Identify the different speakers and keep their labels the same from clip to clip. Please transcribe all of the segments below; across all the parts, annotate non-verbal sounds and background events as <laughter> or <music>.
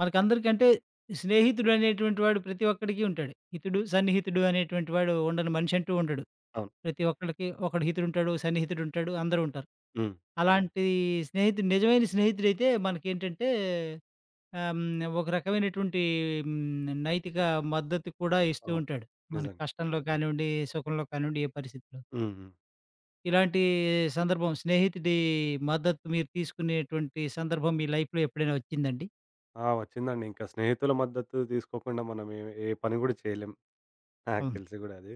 Speaker 1: మనకి అందరికంటే, స్నేహితుడు అనేటువంటి వాడు ప్రతి ఒక్కడికి ఉంటాడు. హితుడు, సన్నిహితుడు అనేటువంటి వాడు ఉండని మనిషంటూ ఉండడు,
Speaker 2: అవును.
Speaker 1: ప్రతి ఒక్కళ్ళకి ఒకడు హితుడు ఉంటాడు, ఓ సన్నిహితుడు ఉంటాడు అందరూ ఉంటారు.
Speaker 2: హ్మ్.
Speaker 1: అలాంటి స్నేహితుడు నిజమైన స్నేహితుడైతే మనకేంటంటే, హ్మ్, ఆహ్! ఒక రకమైనటువంటి హ్మ్, నైతిక మద్దతు కూడా ఇస్తూ
Speaker 2: అవును.
Speaker 1: ఉంటాడు. మన
Speaker 2: నిజంగా.
Speaker 1: కష్టంలో కానివ్వండి, సుఖంలో కానివ్వండి ఏ పరిస్థితిలో.
Speaker 2: హుహు.
Speaker 1: ఇలాంటి సందర్భం, స్నేహితుడి మద్దతు మీరు తీసుకునేటువంటి సందర్భం మీ లైఫ్‌లో. ఎప్పుడైనా వచ్చిందా అండి?
Speaker 2: ఆ! వచ్చిందండి. ఇంకా స్నేహితుల మద్దతు తీసుకోకుండా మనం ఎం ఏ పని కూడా చేయలేం. నాకు
Speaker 1: అవును.
Speaker 2: తెలిసి కూడా అది.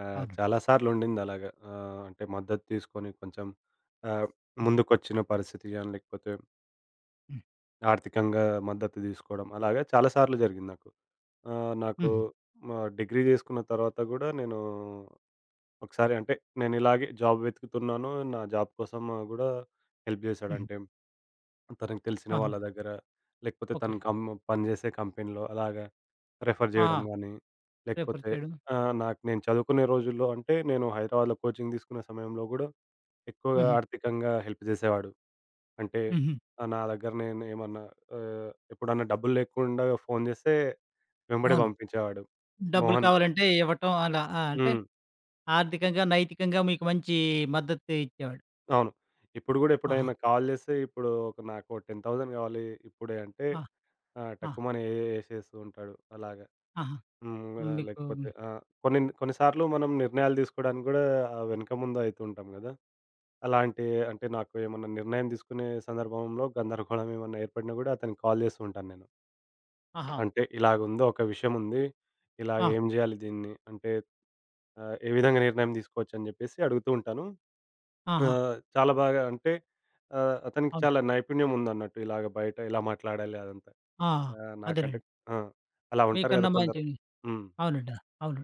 Speaker 2: ఆహ్,
Speaker 1: అవును.
Speaker 2: చాలా సార్లు ఉండిందలాగా. ఆహ్, అంటే, మద్దతు తీసుకొని, కొంచెం ఆహ్,
Speaker 1: హ్మ్.
Speaker 2: ముందుకొచ్చిన పరిస్థితి గాని, లేకపోతే
Speaker 1: హ్మ్.
Speaker 2: ఆర్థికంగా మద్దతు తీసుకోవడం. అలాగా చాలా సార్లు జరిగింది నాకు. ఆహ్, నాకు
Speaker 1: హుహు.
Speaker 2: మ డిగ్రీ చేసుకున్న తర్వాత కూడా నేను ఒకసారి అంటే, నేను ఇలాగే జాబ్ వెతుకుతున్నాను, నా జాబ్ కోసం కూడా, హెల్ప్ చేశాడు.
Speaker 1: హుహు.
Speaker 2: అంటే, తనకి తెలిసిన వాళ్ళ
Speaker 1: ఆహా!
Speaker 2: దగ్గర, లేకపోతే తను
Speaker 1: ఓకే.
Speaker 2: కం పనిచేసే కంపెనీలో, అలాగా రిఫర్
Speaker 1: ఆహా!
Speaker 2: చేయడం గానీ.
Speaker 1: ప్రిఫర్
Speaker 2: లేకపోతే
Speaker 1: చేయడం.
Speaker 2: ఆహ్, నాకు నేను చదువుకునే రోజుల్లో అంటే, నేను హైదరాబాద్‌లో కోచింగ్ తీసుకునే సమయంలో గూడా, ఎక్కువగా
Speaker 1: హుహు.
Speaker 2: ఆర్థికంగా హెల్ప్ జేసేవాడు. అంటే,
Speaker 1: హుహు.
Speaker 2: ఆహ్, నా దగ్గర నేను ఏమన్నా, ఆహ్, ఎప్పుడన్నా డబ్బులు లేకుండా ఫోను జేస్తే, వెంబడే
Speaker 1: అవును.
Speaker 2: పంపించేవాడు
Speaker 1: డబ్బులు
Speaker 2: మోహన్
Speaker 1: కావాలంటే, ఇవ్వటం అలా. ఆహ్, అంటే,
Speaker 2: హ్మ్.
Speaker 1: ఆర్థికంగా, నైతికంగా మీకు మంచి మద్దతు ఇచ్చేవాడు.
Speaker 2: అవును. ఇప్పుడు గూడా
Speaker 1: ఆహా!
Speaker 2: ఎప్పుడైనా కాల్ చేస్తే ఇప్పుడు ఒక నాకు 10,000 కావాలి ఇప్పుడే అంటే,
Speaker 1: ఆ!
Speaker 2: ఆ!
Speaker 1: ఆ!
Speaker 2: టక్కుమని ఎసేస్తూ ఉంటాడు. అలాగా
Speaker 1: ఆహా!
Speaker 2: హ్మ్, అలాగే
Speaker 1: మీకు
Speaker 2: లేకపోతే ఆ! కొన్ని, కొన్ని సార్లు మనం నిర్ణయాలు దిసుకోడానికి గూడా ఆ! వెనక ముందు అయితుంటాం గాదా! అలాంటి అంటే నాకు ఏమన్నా నిర్ణయం తీసుకునే సందర్భంలో గందరగోళం ఏమన్నా ఏర్పడినా గూడా అతనికి కాల్ జేస్తూ ఉంటాను నేను.
Speaker 1: ఆహా!
Speaker 2: అంటే ఇలాగుందో ఒక విషయం ఉంది, ఇలా
Speaker 1: ఆ!
Speaker 2: ఏం జేయాలి దీన్ని, అంటే ఆహ్ ఏ విధంగా నిర్ణయం తీసుకోవచ్చు అని జేప్పేసి అడుగుతూ ఉంటాను. ఆ!
Speaker 1: ఆహా!
Speaker 2: చాలా బాగా అంటే ఆ! అతనికి
Speaker 1: అవును.
Speaker 2: చాలా నైపుణ్యం ఉందన్నట్టు ఇలాగ బయట ఎలా మాట్లాడాలి అదంతా,
Speaker 1: ఆ!
Speaker 2: ఆహ్, నాకంటే
Speaker 1: అదేనండి.
Speaker 2: ఆ! అలా ఉంటారు
Speaker 1: మీకన్నా
Speaker 2: కదా! కొందరు
Speaker 1: మంచివి
Speaker 2: హ్మ్.
Speaker 1: అవునండి అవును.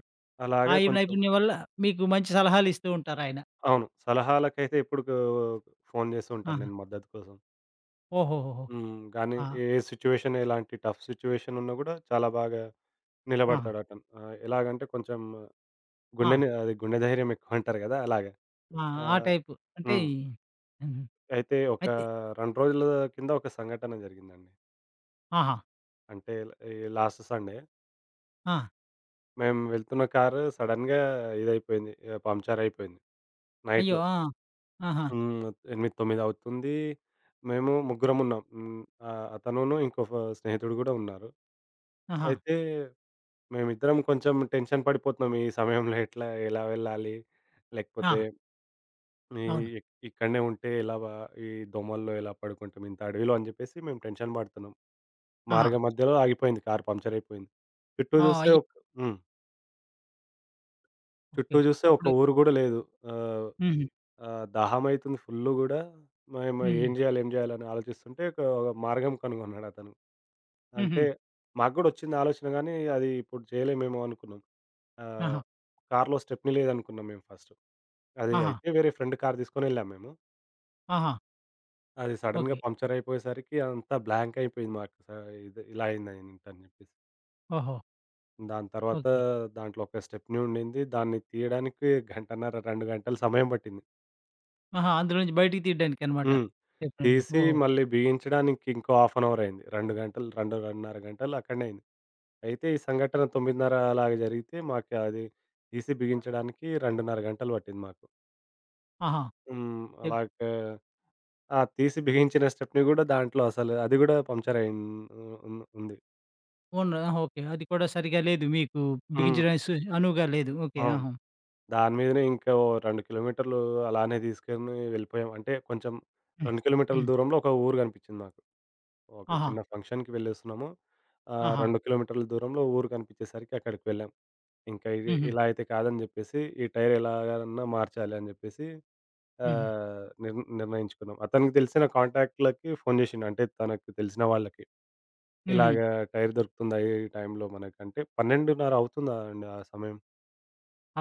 Speaker 1: ఆ!
Speaker 2: అలాగే
Speaker 1: ఈ
Speaker 2: కొంచెం
Speaker 1: నైపుణ్యం వల్ల మీకు మంచి సలహాలిస్తూ ఉంటారయనా.
Speaker 2: అవును సలహాలకైతే ఎప్పుడు‌కు ఫోను జేస్తూ ఉంటాను
Speaker 1: ఆహా!
Speaker 2: నెను మద్దతు కోసం.
Speaker 1: ఓహోహోహో!
Speaker 2: హ్మ్, గానీ
Speaker 1: ఆ!
Speaker 2: ఏ సిట్యుయేషన్ ఎలాంటి టఫ్ సిట్యుయేషన్ ఉన్నా కూడా చాలా బాగా
Speaker 1: ఆ!
Speaker 2: నిలబడతాడటను. ఆ! ఎలాగంటే కొంచెం
Speaker 1: ఆ!
Speaker 2: గుండె‌నే ఆదే గుండె ధైర్యం ఎక్కువంటారు కదా! అలాగా.
Speaker 1: ఆహ్, ఆ!
Speaker 2: ఆహ్,
Speaker 1: టైపు, అంటే
Speaker 2: హ్మ్.
Speaker 1: హ్మ్.
Speaker 2: అయితే ఒక
Speaker 1: అయితే
Speaker 2: 2 రోజుల కింద ఒక సంఘటన జరిగిందండి.
Speaker 1: ఆహా!
Speaker 2: అంటే, ఇల్ ఈ లాస్ట్ సండే.
Speaker 1: ఆ!
Speaker 2: మేము వెళ్తున్న కారు సడెన్‌గా ఇదైపోయింది. ఆహ్, పంచరైయిపోయింది.
Speaker 1: అయ్యో!
Speaker 2: నైట్‌లో.
Speaker 1: ఆ! ఆహా!
Speaker 2: హ్మ్. 8-9 అవుతుంది, మేము ముగ్గురం ఉన్నాం. హ్మ్, ఆహ్, అతనునూ ఇంకొక స్నేహితుడు కూడా ఉన్నారు.
Speaker 1: ఆహా!
Speaker 2: అయితే, మేమిద్దరం కొంచెం టెన్షన్ పడిపోతున్నాం. ఈ సమయంలో ఎట్లా, ఎలా వెళ్ళాలి, లేకపోతే
Speaker 1: ఆ!
Speaker 2: ఇ
Speaker 1: అవును.
Speaker 2: ఇ ఇక్కడనే ఉంటే ఇలా వా ఈ దోమల్లో ఇలా పడుకుంటాం, ఇంత అడవిలో అని చెప్పేసి మేము టెన్షన్ పడుతున్నాం.
Speaker 1: ఆహా!
Speaker 2: మార్గం మధ్యలో ఆగిపోయింది కార్ పంక్చరైయిపోయింది. పెట్టు
Speaker 1: ఆ!
Speaker 2: చూస్తే
Speaker 1: అయ్
Speaker 2: ఒక్ హ్మ్. చుట్టూ
Speaker 1: ఓకే.
Speaker 2: చూస్తే ఒక్క
Speaker 1: అప్పుడు
Speaker 2: ఊరు కూడా లేదు. ఆహ్,
Speaker 1: హుహు.
Speaker 2: ఆహ్, దాహం అయితుంది ఫుల్ కూడా, మేము ఏం
Speaker 1: హుహు.
Speaker 2: చేయాలి, ఏం చేయాలి అని ఆలోచిస్తుంటే, ఒక మార్గం కనుగొన్నాడు అతను.
Speaker 1: హుహు.
Speaker 2: అంటే, మాకు కూడొచ్చింది ఆలోచన గానీ, అది ఇప్పుడు చేయలేమేమో అనుకున్నాం. ఆహ్,
Speaker 1: ఆహా!
Speaker 2: కార్‌లో స్టెప్‌ని లేదనుకున్నాం మేము ఫస్టు. అది
Speaker 1: ఆహా!
Speaker 2: అయితే వేరే ఫ్రెండ్ కార్ తీసుకొని వెళ్ళాము మేము.
Speaker 1: ఆహా!
Speaker 2: అది సడెన్‌గా
Speaker 1: ఓకే.
Speaker 2: పంక్చరైపోయే సరికి, అంతా బ్లాంకై యిపోయింది మాకు సా ఇది ఇలా అయిందేంటి అని చెప్పేసి.
Speaker 1: ఓహో!
Speaker 2: దాని తర్వాత,
Speaker 1: ఓకే.
Speaker 2: దాంట్లో ఒక స్టెప్ని ఉండింది. దాన్ని తీయడానికి గంటన్నర, 2 గంటలు సమయం పట్టింది.
Speaker 1: ఆహా! అందులో నుంచి బయటికి తీయడానికన్నమాట.
Speaker 2: హ్మ్.
Speaker 1: స్టెప్ని‌‌నీ
Speaker 2: తీసి
Speaker 1: ఓహో!
Speaker 2: మళ్ళీ బిగించడానికి ఇంకో హాల్ఫ్ అన్ అవర్ అయింది. 2 గంటలు, 2.30 గంటలు అక్కడనే అయింది. అయితే ఈ సంఘటన 9.30 అలాగా జరిగితే, మాకు అది తీసి బిగించడానికి 2.30 గంటలు పట్టింది మాకు.
Speaker 1: ఆహా!
Speaker 2: హ్మ్,
Speaker 1: చెప్
Speaker 2: అలాగా ఆ! తీసి బిగించిన స్టెప్ని కూడా దాంట్లో అసలు అది కూడా పంక్చరైయ్యిం హ్మ్, హ్మ్, ఉంది.
Speaker 1: ఉన్న ఆహా! ఓకే. అది కూడా సరిగ్గా లేదు. మీకు
Speaker 2: హ్మ్.
Speaker 1: బిగించడానికి సు అనువుగా లేదు. ఓకే.
Speaker 2: అవును.
Speaker 1: ఆహా!
Speaker 2: దాని మీదనే ఇంకో 2 కిలోమీటర్లు అలానే తీసుకొని వెళ్ళిపోయాం. అంటే, కొంచెం
Speaker 1: హ్మ్.
Speaker 2: 2 కిలోమీటర్ల
Speaker 1: హ్మ్.
Speaker 2: దూరంలో ఒక ఊరు కనిపించింది నాకు. ఒక
Speaker 1: ఆహా!
Speaker 2: చిన్న ఫంక్షన్‌కి వెళ్ళలేస్తున్నాము. ఆహ్,
Speaker 1: ఆహా!
Speaker 2: 2 కిలోమీటర్ల దూరంలో ఊరు కనిపించేసరికి, అక్కడికి వెళ్ళాం. ఇంకా ఇగ
Speaker 1: హుహు.
Speaker 2: ఇలా అయితే కాదని చెప్పేసి, ఈ టైర్ ఎలాగన్నా మార్చాలి అని చెప్పేసి,
Speaker 1: హుహు.
Speaker 2: ఆహ్, నిర్ నిర్ణయించుకున్నాం. అతనికి తెలిసిన కాంటాక్ట్‌లకి ఫోను చేసిండు. అంటే తనకు తెలిసిన వాళ్ళకి. ఇలాగ
Speaker 1: హుహు.
Speaker 2: టైర్ దొరుకుతుందా, ఈ టైంలో మనకు అంటే, 12.30 అవుతుంది అండి ఆ సమయం.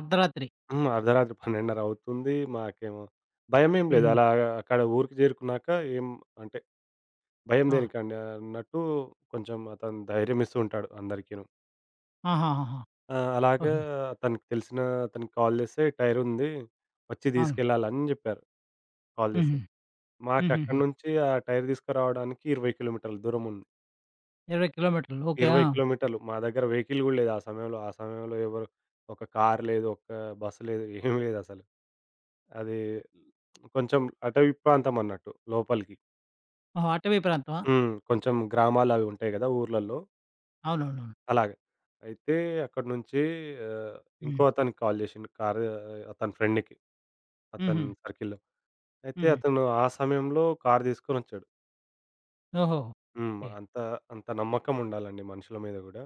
Speaker 1: అర్ధరాత్రి.
Speaker 2: హ్మ్. అర్ధరాత్రి 12.30 అవుతుంది. మాకేమో భయమేమి లేదు
Speaker 1: హుహు.
Speaker 2: అలాగా అక్కడ ఊరికి చేరుకున్నాక ఎం అంటే, భయం
Speaker 1: ఆ!
Speaker 2: దేనికండి అన్నట్టు, కొంచెం అతను ధైర్యం ఇస్తూ ఉంటాడు అందరికీను.
Speaker 1: ఆహాహా!
Speaker 2: ఆ! అలాగా
Speaker 1: ఓకే.
Speaker 2: తనకి తెలిసిన అతనికి కాల్ చేస్తే, టైరుంది వచ్చి
Speaker 1: అవును.
Speaker 2: తీసుకెళ్లాలని అని చెప్పారు. కాల్
Speaker 1: హుహు.
Speaker 2: చేస్తే. మాకు
Speaker 1: హుహుహు.
Speaker 2: అక్కడి నుంచి ఆ టైర్ తీసుకురావడానికి 20 కిలోమీటర్ల దూరముంది.
Speaker 1: 20 కిలోమీటర్లు. ఓకే. ఆ!
Speaker 2: 20 కిలోమీటర్లు. మా దగ్గర వెహికల్ కూడా లేదు. ఆ సమయంలో ఆ సమయంలో ఎవరు ఒక కారు లేదు, ఒక బసు లేదు ఏమి లేదసలు. అది <smacks lips> కొంచెం అటవీ ప్రాంతం అన్నట్టు లోపలికి.
Speaker 1: ఓహో! అటవీ ప్రాంతమా?
Speaker 2: హ్మ్. కొంచెం గ్రామాలు అవి ఉంటాయి కదా! ఊర్లల్లో.
Speaker 1: అవునవునవును.
Speaker 2: అలాగా. అయితే అక్కడి నుంచి ఆహ్, ఇంకో
Speaker 1: హ్మ్.
Speaker 2: అతనికి కాల్ చేసిండు, కారు ఆహ్, అతని ఫ్రెండ్‌కి. అతని
Speaker 1: హుహు.
Speaker 2: సర్కిల్‌లో. అయితే
Speaker 1: హుహు.
Speaker 2: అతను ఆ సమయంలో కారు తీసుకొనొచ్చాడు.
Speaker 1: ఓహో!
Speaker 2: హ్మ్.
Speaker 1: ఓకే.
Speaker 2: అంత అంత నమ్మకం ఉండాలండి మనుషుల మీద కూడా.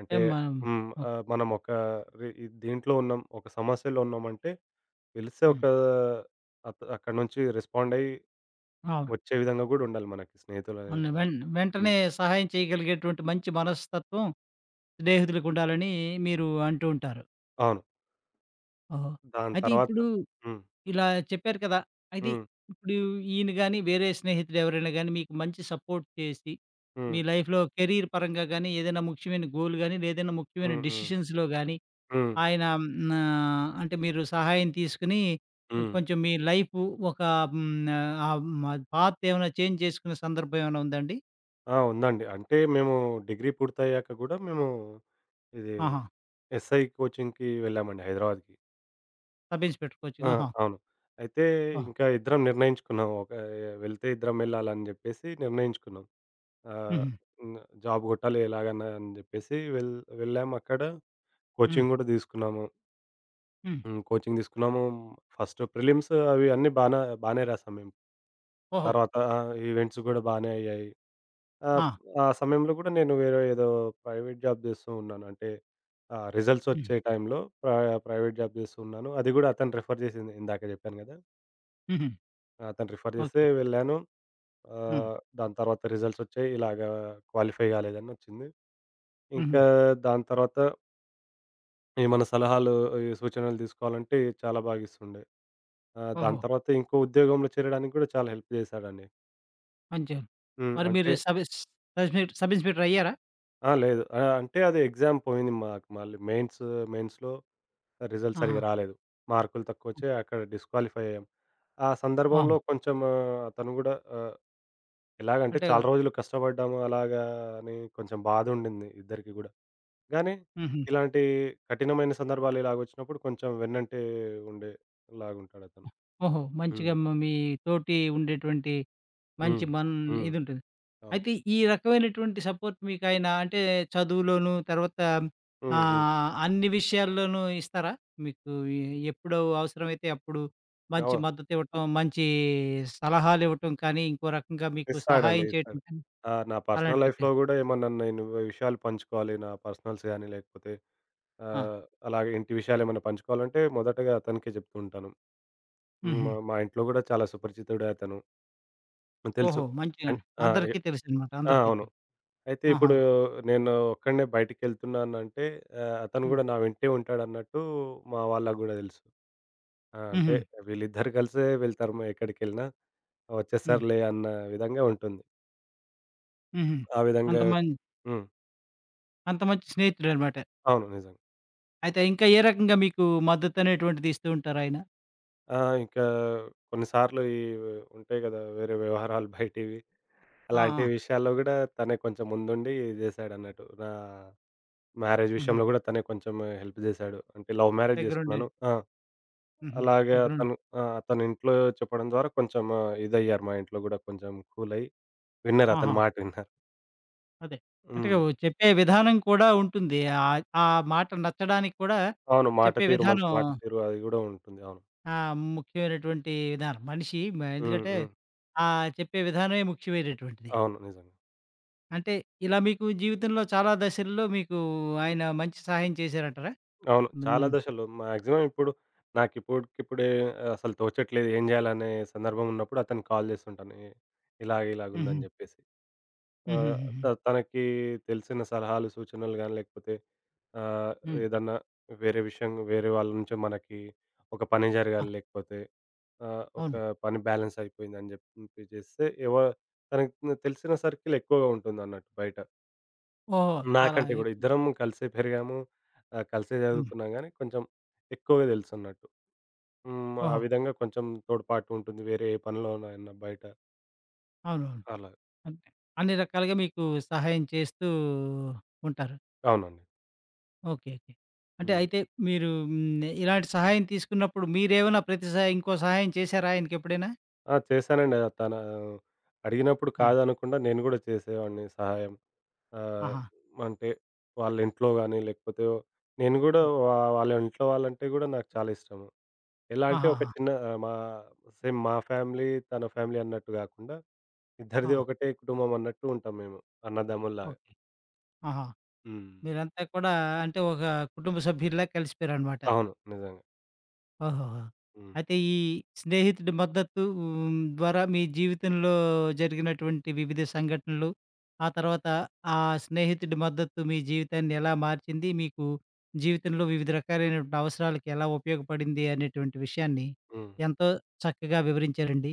Speaker 2: అంటే
Speaker 1: ఏం మా
Speaker 2: హ్మ్.
Speaker 1: ఓకే.
Speaker 2: ఆహ్, మనం ఒకరి ఇద్ దీంట్లో ఉన్నాం, ఒక సమస్యలో ఉన్నామంటే, పిలిస్తే
Speaker 1: హ్మ్.
Speaker 2: ఒక అ అక్కడి నుంచి రెస్పాండయ్యి,
Speaker 1: అవును.
Speaker 2: వచ్చే విధంగా కూడా ఉండాలి మనకి స్నేహితులనే
Speaker 1: వందే
Speaker 2: వాళ్ళు.
Speaker 1: వెంట్ వెంటనే
Speaker 2: హ్మ్.
Speaker 1: సహాయం చేయగలిగేటువంటి మంచి మనస్తత్వం, స్నేహితులకు ఉండాలని మీరు అంటూ ఉంటారు.
Speaker 2: అవును.
Speaker 1: ఓహో!
Speaker 2: దాని
Speaker 1: అయితే
Speaker 2: తరువాత
Speaker 1: ఇప్పుడూ
Speaker 2: హ్మ్.
Speaker 1: ఇలా చెప్పారు కదా! అయితే
Speaker 2: హ్మ్.
Speaker 1: ఇప్పుడు ఈయన గాని, వేరే స్నేహితుడు ఎవరైనా గాని మీకు మంచి సపోర్ట్ చేసి, మీ
Speaker 2: హ్మ్.
Speaker 1: లైఫ్‌లో కెరీర్ పరంగా గాని, ఏదైనా ముఖ్యమైన గోల్ గాని, లేదైనా ముఖ్యమైన
Speaker 2: హ్మ్. హ్మ్.
Speaker 1: డెసిషన్స్‌లో గాని,
Speaker 2: హ్మ్.
Speaker 1: ఆయనా ఆహ్, అంటే, మీరు సహాయం తీసుకొని
Speaker 2: హ్మ్.
Speaker 1: కొంచెం మీ లైఫు ఒక హ్మ్. ఆహ్, పాత్ ఏమైనా చేంజ్ చేసుకునే సందర్భం ఏమైనా ఉందా అండి?
Speaker 2: ఆ! ఉందండి. అంటే మేము డిగ్రీ పూర్తయ్యాక కూడా, మేము ఇది
Speaker 1: ఆహా!
Speaker 2: ఎస్‌ఐ కోచింగ్‌కి వెళ్ళామండి హైదరాబాద్‌కి.
Speaker 1: సబ్ ఇన్స్పెక్టర్ కోచింగ్
Speaker 2: ఆ!
Speaker 1: ఆహా!
Speaker 2: అవును. అయితే
Speaker 1: ఓహ్!
Speaker 2: ఇంకా ఇద్దరం నిర్ణయించుకున్నాం. ఓకే. వెళ్తే ఇద్దరం వెళ్ళాలని చెప్పేసి నిర్ణయించుకున్నాం. ఆహ్,
Speaker 1: హుహు.
Speaker 2: హ్మ్. జాబ్ కొట్టాలి ఎలాగైనా అని చెప్పేసి, వెళ్ వెళ్ళామక్కడ
Speaker 1: హ్మ్.
Speaker 2: కోచింగ్ గూడా తీసుకున్నాము.
Speaker 1: హ్మ్.
Speaker 2: హ్మ్. కోచింగ్ తీసుకున్నాము. ఫస్టు ప్రిలిమ్సు అవి అన్నీ బానే బానే రాసాము మేము.
Speaker 1: ఓహో!
Speaker 2: తర్వాత ఈవెంట్స్ కూడా బానే అయ్యాయి. ఆహ్,
Speaker 1: ఆ!
Speaker 2: ఆ సమయంలో కూడా నేను వేరే ఏదో ప్రైవేట్ జాబ్ చేస్తూ ఉన్నాను. అంటే, ఆహ్, రిజల్ట్స్
Speaker 1: హ్మ్.
Speaker 2: వచ్చే టైంలో, ప్ర ప్రైవేట్ జాబ్ చేస్తూ ఉన్నాను. అది కూడా అతను రిఫర్ చేసింది ఇందాక చెప్పాను కదా!
Speaker 1: హుహు.
Speaker 2: అతను రిఫర్ జేస్తే
Speaker 1: ఓకే.
Speaker 2: వెళ్ళాను.
Speaker 1: హ్మ్.
Speaker 2: ఆహ్, దాని తర్వాత రిజల్ట్సొచ్చాయి. ఇలాగా క్వాలిఫై గాలేదనొచ్చింది.
Speaker 1: హుహు.
Speaker 2: ఇంకా దాని తర్వాత ఏమన్నా సలహాలు, ఇవి సూచనలు తీసుకోవాలంటే, చాలా బాగిస్తుండే. ఆ! దాని
Speaker 1: ఓహో!
Speaker 2: తర్వాత ఇంకో ఉద్యోగంలో చేరడానికి గూడా చాలా హెల్ప్ చేశాడండి.
Speaker 1: పంచా
Speaker 2: హ్మ్.
Speaker 1: మరి మీరు
Speaker 2: అంటే
Speaker 1: సబెస్ తర్వాత మీరు సబ్ ఇన్స్‌పెక్టరయ్యారా?
Speaker 2: ఆ! లేదు. ఆహ్, అంటే, అది ఎగ్జామ్ పోయింది మాకు మళ్ళీ. మెయిన్స్ మెయిన్స్‌లో రిజల్ట్
Speaker 1: ఆహా!
Speaker 2: సరిగ్గా రాలేదు. మార్కులు
Speaker 1: హ్మ్.
Speaker 2: తక్కువొచ్చాయి, అక్కడ డిస్‌క్వాలిఫై అయ్యాం. ఆ సందర్భంలో
Speaker 1: అవును.
Speaker 2: కొంచము అతను గూడా ఆహ్, ఎలాగంటే,
Speaker 1: అంటే
Speaker 2: చాలా రోజులు కష్టపడ్డాము అలాగా అని కొంచెం బాధుండింది ఇద్దరికీ గూడా, గానీ
Speaker 1: హుహు.
Speaker 2: ఇలాంటీ కఠినమైన సందర్భాలిలాగొచ్చినప్పుడు కొంచెం వెన్నంటే ఉండేలాగుంటాడతను.
Speaker 1: హ్మ్, ఓహో!
Speaker 2: హ్మ్.
Speaker 1: మంచిగా మ మీ తోటి ఉండేటువంటి మంచి
Speaker 2: హ్మ్.
Speaker 1: మన్
Speaker 2: హ్మ్.
Speaker 1: ఇదుంటుంది.
Speaker 2: అవును.
Speaker 1: అయితే, ఈ రకమైనటువంటి సపోర్ట్ మీకాయనా అంటే, చదువులోనూ తర్వాత
Speaker 2: హ్మ్. హ్మ్.
Speaker 1: ఆహ్, అన్ని విషయాల్లోనూ ఇస్తారా? మీకూ ఎ ఎప్పుడూ అవసరమైతే అప్పుడు మంచి
Speaker 2: నొవా
Speaker 1: మద్దతివ్వటం, మంచీ సలహాలివ్వటం కానీ, ఇంకో రకంగా మీకు
Speaker 2: ఇస్తాడండి,
Speaker 1: సహాయం చేయటం
Speaker 2: ఇస్తాడు.
Speaker 1: కానీ,
Speaker 2: ఆహ్, నా పర్సనల్
Speaker 1: అలాంటివి
Speaker 2: లైఫ్‌లో
Speaker 1: చే
Speaker 2: గూడా ఏమన్నా నేను విషయాలు పంచుకోవాలి, నా పర్సనల్స్ గానీ, లేకపోతే
Speaker 1: ఆ!
Speaker 2: ఆహ్, అలాగే ఇంటి విషయాలేమన్నా పంచుకోవాలంటే, మొదటగా అతనికే జెప్పుకుంటాను. హ్మ్. మ
Speaker 1: హుహు.
Speaker 2: మా ఇంట్లో గూడా చాలా సుపరిచితుడే అతను. హ్మ్. తెలుసు.
Speaker 1: ఓహో! మంచిగా.
Speaker 2: అన్ ఆ! ఎ
Speaker 1: అందరికీ తెలుసనమాట.
Speaker 2: ఆ!
Speaker 1: అందరికీ
Speaker 2: అవును.
Speaker 1: తెలుసు.
Speaker 2: అయితే
Speaker 1: ఆహా!
Speaker 2: ఇప్పుడూ నేనూ ఒక్కడినే బయటికెళ్తున్నానంటే, ఆహ్, అతను
Speaker 1: హ్మ్.
Speaker 2: గూడా నా వెంటే ఉంటాడన్నట్టూ, మా వాళ్ళకు గూడా దెలుసు. ఆ! అంటే,
Speaker 1: హుహు.
Speaker 2: వీళ్ళిద్దరు <giggles> గలిసే వెళ్తారు. మా ఎక్కడికెళ్ళినా,
Speaker 1: హ్మ్.
Speaker 2: ఒచ్చేస్తారులే అన్న విధంగా ఉంటుంది.
Speaker 1: హుహు.
Speaker 2: ఆ విధంగా
Speaker 1: అంత మంద్
Speaker 2: హ్మ్.
Speaker 1: అంత మంచి స్నేహితుడన్నమాట.
Speaker 2: అవును. నిజంగా.
Speaker 1: అయితే, ఇంకా ఏ రకంగా మీకు మద్దతు అనేటువంటిది ఇస్తూ ఉంటారాయన?
Speaker 2: ఆ! ఇంకా కొన్ని సార్లు ఇవి ఉంటాయి కదా వేరే వ్యవహారాలు బయటివి,
Speaker 1: ఆ!
Speaker 2: అలాంటి
Speaker 1: ఆ!
Speaker 2: విషయాల్లో కూడా తనే కొంచెం ముందుండి జేశాడన్నట్టు. నా మ్యారేజ్ విషయం
Speaker 1: హుహు.
Speaker 2: గూడా, తనే కొంచమే హెల్ప్ జేశాడు. అంటే లవ్ మ్యారేజ్
Speaker 1: దెగ్గరుండి.
Speaker 2: జేసుకున్నాను ఆ!
Speaker 1: హుహు.
Speaker 2: అలాగే
Speaker 1: దెగ్గరుండి.
Speaker 2: అతను ఆ! తను ఇంట్లో చెప్పడం ద్వారా, కొంచెం ఆహ్, ఇదయ్యారు మా ఇంట్లో గూడా, కొంచెం కూలయ్యి, విన్నారు అతని
Speaker 1: ఆహా!
Speaker 2: మాట విన్నారు.
Speaker 1: అదే. అంటే,
Speaker 2: హ్మ్.
Speaker 1: ఓహ్! చెప్పే విధానం కూడా ఉంటుంది. ఆద్ ఆ మాట నచ్చడానికి కూడా
Speaker 2: అవును.
Speaker 1: చెప్పే
Speaker 2: మాటతీరు మంచి
Speaker 1: విధానం
Speaker 2: మాటతీరు. అది గూడా ఉంటుంది. అవును.
Speaker 1: ఆ! ముఖ్యమైనటువంటి విధానం. మనిషి మా
Speaker 2: హ్మ్.
Speaker 1: ఎందుకంటే
Speaker 2: హ్మ్.
Speaker 1: ఆ చెప్పే విధానమే ముఖ్యమైనటువంటిది.
Speaker 2: అవును. నిజంగా.
Speaker 1: అంటే, ఇలా మీకు జీవితంలో చాలా దశల్లో, మీకు ఆయన మంచి సహాయం చేశారంటారా?
Speaker 2: అవును. చాలా
Speaker 1: హ్మ్.
Speaker 2: దశలు. మాక్సిమం ఇప్పుడు నాకు ఇప్పటికిప్పుడే ఆహ్, అసలు తోచట్లేదు, ఏం జేయాలనే సందర్భం ఉన్నప్పుడు అతనికి కాల్ జేస్తుంటాను. ఎ ఇలాగ,
Speaker 1: హుహు.
Speaker 2: ఇలాగుందని జెప్పేసి. ఆహ్, త
Speaker 1: హుహుహుహు.
Speaker 2: తనకి తెలిసిన సలహాలు, సూచనలు గాని లేకపోతే ఆహ్,
Speaker 1: హ్మ్.
Speaker 2: ఏదన్నా వేరే విషయం వేరే వాళ్ళ నుంచే మనకి ఒక పని
Speaker 1: ఆ!
Speaker 2: జరగాలి, లేకపోతే ఆహ్, ఒక
Speaker 1: అవును.
Speaker 2: పని బ్యాలెన్స్ అయిపోయిందని జెప్పి మెసేజ్ జేస్తే, ఎవ తనకు తె తెలిసిన సర్కిల్ ఎక్కువగా ఉంటుందన్నట్టు బయట.
Speaker 1: ఓహ్! చాలా
Speaker 2: నాకంటే గూడా.
Speaker 1: ఎకు
Speaker 2: ఇద్దరము కలిసే పెరిగాము, ఆహ్, కలిసే
Speaker 1: హ్మ్.
Speaker 2: జదువుకున్నాం గానీ, కొంచెం ఎక్కువగా తెలుసన్నట్టు. హ్మ్. ఆ
Speaker 1: ఓహో!
Speaker 2: విధంగా కొంచం తోడ్పాటుంటుంది వేరే ఏ పనిలోనైనా బయట.
Speaker 1: అవునవును.
Speaker 2: అలా.
Speaker 1: అంటే, అన్ని రకాలుగా మీకూ సహాయం చేస్తూ ఉంటారు.
Speaker 2: అవునండి.
Speaker 1: ఓకే. ఓకే. అంటే,
Speaker 2: హ్మ్.
Speaker 1: అయితే, మీరూ హ్మ్. ఇలాంటి సహాయం తీసుకున్నప్పుడు మీరేమైనా ప్రతి సా ఇంకో సహాయం చేశారా ఆయనకెప్పుడైనా?
Speaker 2: ఆ! చేశానండి. తనా అడిగినప్పుడు
Speaker 1: ఆ!
Speaker 2: కాదనకుండా నేను గూడా చేసేవాడిని సహాయం. ఆహ్,
Speaker 1: ఆహా!
Speaker 2: మంటే, వాళ్ళ ఇంట్లో గానీ, లేకపోతే నేను గూడా
Speaker 1: హ్మ్.
Speaker 2: వా వాళ్ళ ఇంట్లో వాళ్ళంటే గూడా నాకు చాలా ఇష్టము. ఎలా అంటే, ఒక
Speaker 1: ఆహాహా!
Speaker 2: చిన్న మా సేమ్ మా ఫ్యామిలీ, తన ఫ్యామిలీ అన్నట్టు గాకుండా, ఇద్దరిది
Speaker 1: ఆ!
Speaker 2: ఒకటే కుటుంబమన్నట్టు ఉంటాం మేము అన్నదమ్ముల్లాగా.
Speaker 1: ఓకే. ఆహా!
Speaker 2: హ్మ్.
Speaker 1: మీరంతా కూడా అంటే, ఒకా కుటుంబ సభ్యుల్లా కలిసిపోయారనమాట.
Speaker 2: అవును. నిజంగా.
Speaker 1: ఓహోహో!
Speaker 2: హ్మ్.
Speaker 1: అయితే, ఈ స్నేహితుడి మద్దతూ హ్మ్. ద్వారా మీ జీవితంలో జరిగినటువంటి వివిధ సంఘటనలు, ఆ తర్వాత ఆ స్నేహితుడి మద్దతు మీ జీవితాన్ని ఎలా మార్చింది, మీకు జీవితంలో వివిధ రకాలైనటువంటి అవసరాలకి ఎలా ఉపయోగపడింది అనేటువంటి విషయాన్ని
Speaker 2: హ్మ్.
Speaker 1: ఎంతో చక్కగా వివరించారండి.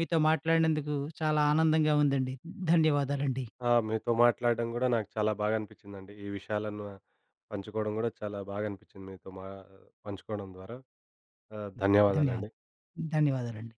Speaker 1: మీతో మాట్లాడినందుకూ చాలా ఆనందంగా ఉందండి. ధన్యవాదాలండి.
Speaker 2: ఆ! మీతో మాట్లాడడం గూడా నాకు చాలా బాగనిపిచ్చిందండి. ఈ విషయాలను పంచుకోడం గూడా చాలా బాగనిపిచ్చింది మీతో మా పంచుకోడం ద్వారా. ఆహ్,
Speaker 1: హ్మ్. ధన్యవాద్
Speaker 2: ధన్యవాదాలండి.
Speaker 1: ధన్యవాదాలండి.